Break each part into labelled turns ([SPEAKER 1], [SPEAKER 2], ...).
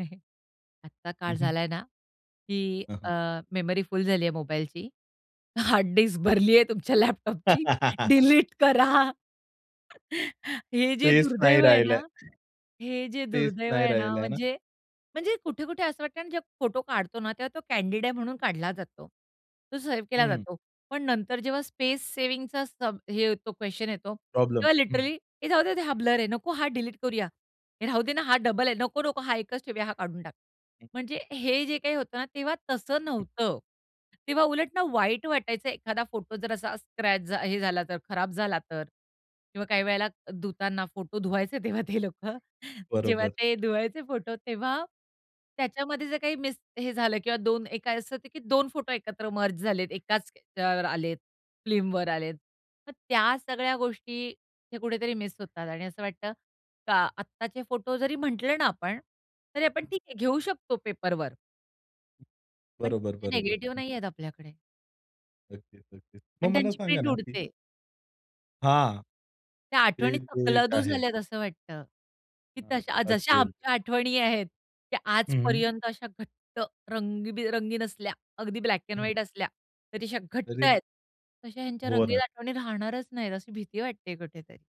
[SPEAKER 1] हं, हं, आता काळ
[SPEAKER 2] हं, हं.
[SPEAKER 1] झालाय ना, की
[SPEAKER 2] हं, हं.
[SPEAKER 1] अ, मेमरी फुल झाली आहे मोबाईलची, हार्ड डिस्क भरलीये तुमच्या लॅपटॉपची, डिलीट करा. हे जे
[SPEAKER 2] टेस्ट नाही
[SPEAKER 1] दुर्दैव आहे
[SPEAKER 2] राहिलंय
[SPEAKER 1] ना हे जे
[SPEAKER 2] टेस्ट
[SPEAKER 1] दुर्दैव
[SPEAKER 2] नाही
[SPEAKER 1] आहे ना
[SPEAKER 2] राहिलाय आहे ना?
[SPEAKER 1] म्हणजे म्हणजे कुठे-कुठे असं वाटतंय आणि जेव्हा फोटो काढतो ना तेव्हा तो कँडिड आहे म्हणून काढला जातो. तो सेव्ह केला
[SPEAKER 2] हं.
[SPEAKER 1] जातो. पण नंतर जेव्हा स्पेस सेव्हिंगचा सब हे ये तो क्वेशन येतो,
[SPEAKER 2] प्रॉब्लेम.
[SPEAKER 1] तेव्हा
[SPEAKER 2] हं, हं.
[SPEAKER 1] लिटरली हे राहूदे हा ब्लर आहे नको हा डिलीट करूया. हे राहू देना, हा डबल आहे नको-नको. हा एकच ठेवूया हा काढून टाक.
[SPEAKER 2] हं.
[SPEAKER 1] म्हणजे हे जे काही होतं ना तेव्हा तसं
[SPEAKER 2] हं.
[SPEAKER 1] नव्हतं. तेव्हा उलट ना वाईट वाटायचं एखादा फोटो जर असा स्क्रॅच झा हे झाला तर खराब झाला तर किंवा काही वेळेला धुताना फोटो धुवायचे तेव्हा ते लोकं. जेव्हा
[SPEAKER 2] बरोबर.
[SPEAKER 1] ते धुवायचे फोटो तेव्हा त्याच्यामध्ये जर काही मिस हे झालं किंवा दोन एक असं होत की दोन फोटो एकत्र मर्ज झालेत एकाच अ, आलेत फिल्मवर आलेत. मग त्या सगळ्या गोष्टी हे कुठेतरी मिस होतात आणि असं वाटतं का आत्ताचे फोटो जरी म्हटलं ना आपण तरी आपण
[SPEAKER 2] हं.
[SPEAKER 1] ठीक आहे घेऊ शकतो पेपरवर.
[SPEAKER 2] हं.
[SPEAKER 1] पण
[SPEAKER 2] बरोबर,
[SPEAKER 1] [unintelligible]
[SPEAKER 2] बरोबर,
[SPEAKER 1] निगेटिव्ह
[SPEAKER 2] हं.
[SPEAKER 1] नाहीयेत आपल्याकडे.
[SPEAKER 2] नक्कीच, नक्कीच मग
[SPEAKER 1] आणि
[SPEAKER 2] मला
[SPEAKER 1] त्यांची
[SPEAKER 2] सांगा
[SPEAKER 1] प्रिंट
[SPEAKER 2] ना की?
[SPEAKER 1] उडते.
[SPEAKER 2] हां,
[SPEAKER 1] त्या
[SPEAKER 2] ते
[SPEAKER 1] आठवणी
[SPEAKER 2] ते एक
[SPEAKER 1] तकलादू
[SPEAKER 2] आहे.
[SPEAKER 1] झाल्यात असं वाटतं, की
[SPEAKER 2] हं,
[SPEAKER 1] तशा जशा
[SPEAKER 2] अगदी, अगदी.
[SPEAKER 1] आमच्या आठवणी आहेत, त्या
[SPEAKER 2] हं, हं.
[SPEAKER 1] आजपर्यंत अशा घट्ट रंगीबिरंगी नसल्या अगदी ब्लॅक एंड
[SPEAKER 2] हं.
[SPEAKER 1] व्हाईट असल्या तरी अशा घट्ट
[SPEAKER 2] तरी
[SPEAKER 1] आहेत. तशा ह्यांच्या
[SPEAKER 2] हो,
[SPEAKER 1] रंगीन
[SPEAKER 2] ना.
[SPEAKER 1] आठवणी राहणारच नाहीत अशी भीती वाटते कुठेतरी.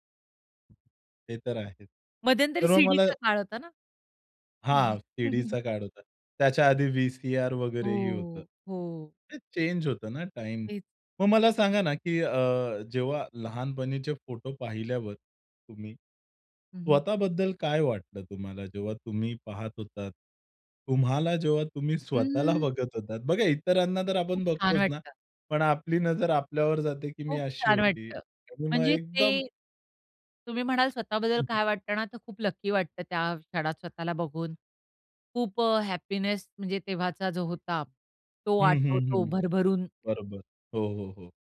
[SPEAKER 2] ते तर आहेच.
[SPEAKER 1] मध्यंतरी
[SPEAKER 2] तर मग मला
[SPEAKER 1] सीडीचा काळ होता ना.
[SPEAKER 2] हां, सीडीचा काळ होता. त्याच्या आधी वी-सी-आर वगैरे ही होतं.
[SPEAKER 1] हो, हो.
[SPEAKER 2] ते चेंज होतं ना टाईम.
[SPEAKER 1] तेच.
[SPEAKER 2] मग मला सांगा ना, की अ, जेव्हा लहानपणीचे फोटो पाहिल्यावर तुम्ही,
[SPEAKER 1] हं, हं.
[SPEAKER 2] स्वतःबद्दल काय वाटलं तुम्हाला जेव्हा तुम्ही पाहत होतात. तुम्हाला जेव्हा तुम्ही स्वतःला
[SPEAKER 1] हं.
[SPEAKER 2] बघत होतात. बघा इतरांना तर
[SPEAKER 1] खूप
[SPEAKER 2] आपण
[SPEAKER 1] छान
[SPEAKER 2] बघतोच ना.
[SPEAKER 1] वाटतं.
[SPEAKER 2] पण आपली नजर आपल्यावर जाते, की मी
[SPEAKER 1] खूप
[SPEAKER 2] अशी
[SPEAKER 1] छान
[SPEAKER 2] होती.
[SPEAKER 1] वाटतं.
[SPEAKER 2] आणि मग
[SPEAKER 1] म्हणजे
[SPEAKER 2] एकदम
[SPEAKER 1] ते, तुम्ही म्हणाल स्वतःबद्दल
[SPEAKER 2] हं.
[SPEAKER 1] काय वाटत ना तर खूप लकी वाटतं त्या क्षणात स्वतःला बघून. खूप अ, हॅपीनेस म्हणजे तेव्हाचा जो होता तो
[SPEAKER 2] हं, हं,
[SPEAKER 1] आठवतो
[SPEAKER 2] हं.
[SPEAKER 1] भरभरून.
[SPEAKER 2] बरोबर. हो, हो, हो.